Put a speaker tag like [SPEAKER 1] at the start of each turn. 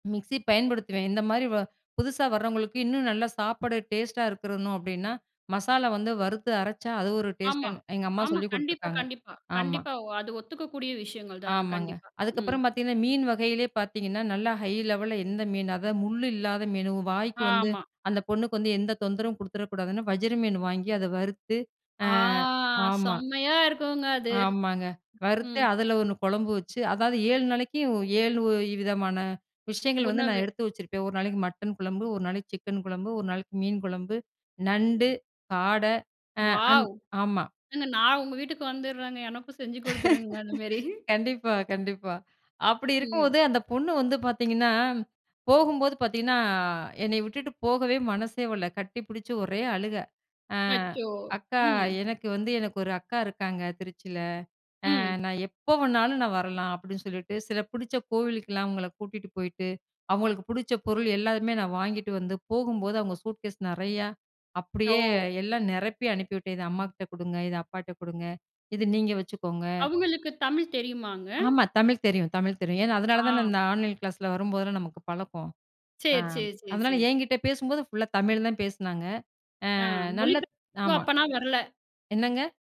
[SPEAKER 1] Mixie பயன்படுத்துவேன். இந்த மாரி வ புதுசா வர்றவங்களுக்கு இன்னும் நல்ல சாப்பிட டேஸ்ட்டா இருக்கணும் அப்படீன்னா, மசாலா வந்து வறுத்து அரைச்சா அது ஒரு
[SPEAKER 2] ஆமா,
[SPEAKER 1] டேஸ்ட்டுன்னு, எங்க அம்மா
[SPEAKER 2] ஆமா.
[SPEAKER 1] சொல்லிக்
[SPEAKER 2] கண்டிப்பா,
[SPEAKER 1] குடுத்துருக்காங்க.
[SPEAKER 2] கண்டிப்பா,
[SPEAKER 1] ஆமா.
[SPEAKER 2] கண்டிப்பா. வ் அது ஒத்துக்கக்கூடிய விஷயங்கள் தாங்க.
[SPEAKER 1] ஆமாங்க.
[SPEAKER 2] கண்டிப்பா. ம்
[SPEAKER 1] அதுக்கப்பறம் பாத்தீங்கன்னா, மீன் வகையிலே பாத்தீங்கன்னா, நல்லா ஹை லெவல்ல எந்த மீனு? அதாவது முள்ளு இல்லாத மீனு, வாய்க்கு வந்து
[SPEAKER 2] ஆமா.
[SPEAKER 1] அந்த பொண்ணுக்கு வந்து எந்த தொந்தரவும் குடுத்துற கூடாதுன்னு, வஜிர மீன் வாங்கி, அத வறுத்து அ
[SPEAKER 2] ஆ
[SPEAKER 1] ஆமா.
[SPEAKER 2] செம்மையா இருக்கும்ங்க அது.
[SPEAKER 1] ஆமாங்க. வறுத்து
[SPEAKER 2] ம்.
[SPEAKER 1] அதுல ஒண்ணு கொழம்பு வச்சு, அதாவது 7 நாளைக்கும், 7 விதமான விஷயங்கள் வந்து, நான்
[SPEAKER 2] உணவு.
[SPEAKER 1] எடுத்து வச்சிருப்பேன். ஒரு நாளைக்கு மட்டன் குழம்பு. ஒரு நாளைக்கு சிக்கன் குழம்பு. ஒரு நாளைக்கு மீன் குழம்பு. நண்டு, காடை, அ அந்
[SPEAKER 2] வாவ்!
[SPEAKER 1] ஆமா.
[SPEAKER 2] ஏங்க நான் உங்க வீட்டுக்கு வந்துடுறேங்க. எனக்கும் செஞ்சு குடுத்துருங்க, அந்த மேரி.
[SPEAKER 1] கண்டிப்பா, கண்டிப்பா. அப்படி
[SPEAKER 2] ம்.
[SPEAKER 1] இருக்கும்போது, அந்த பொண்ணு வந்து பாத்தீங்கன்னா, போகும்போது பாத்தீங்கன்னா, என்னய விட்டுட்டு போகவே மனசே வல்ல. கட்டிப்புடுச்சு ஒரே அழுக. அ
[SPEAKER 2] அச்சோ!
[SPEAKER 1] அக்கா,
[SPEAKER 2] ம்.
[SPEAKER 1] "எனக்கு வந்து எனக்கு ஒரு அக்கா இருக்காங்க, திருச்சியில. அ
[SPEAKER 2] ம்.
[SPEAKER 1] நா எப்ப வேணாலும் நா வரலாம்." அப்படீன்னு சொல்லிட்டு. சில பிடிச்ச கோவிலுக்கல்லாம் அவங்கள கூட்டிட்டு போயிட்டு, அவங்களுக்கு புடிச்ச பொருள் எல்லாமே நான் வாங்கிட்டு வந்து, போகும்போது அவங்க சூட்கேஸ் நெறையா, அப்படியே
[SPEAKER 2] ஓ!
[SPEAKER 1] எல்லாம் நெரப்பி அனுப்பிவிட்டேன். இத அம்மாகிட்ட குடுங்க. இத அப்பாட்ட குடுங்க. இத நீங்க வச்சுக்கோங்க.
[SPEAKER 2] அவுங்களுக்கு, தமிழ் தெரியுமாங்க?
[SPEAKER 1] ஆமா. தமிழ் தெரியும், தமிழ் தெரியும். ஏன்னா, அதனால
[SPEAKER 2] ஆ.
[SPEAKER 1] தான இந்த ஆன்லைன் கிளாஸில, வரும்போதெல்லாம் நமக்கு பழக்கம். அ
[SPEAKER 2] சரி, சரி, சரி, சே,
[SPEAKER 1] அதனால
[SPEAKER 2] சே.
[SPEAKER 1] என்கிட்ட பேசும்போது, ஃபுல்லா தமிழ்ல தான் பேசுனாங்க.
[SPEAKER 2] ஆ
[SPEAKER 1] அ
[SPEAKER 2] மொழி ப்
[SPEAKER 1] நல்லத்
[SPEAKER 2] [unintelligible]
[SPEAKER 1] ஆமா.
[SPEAKER 2] அப்பன்னா வரல.
[SPEAKER 1] என்னங்க?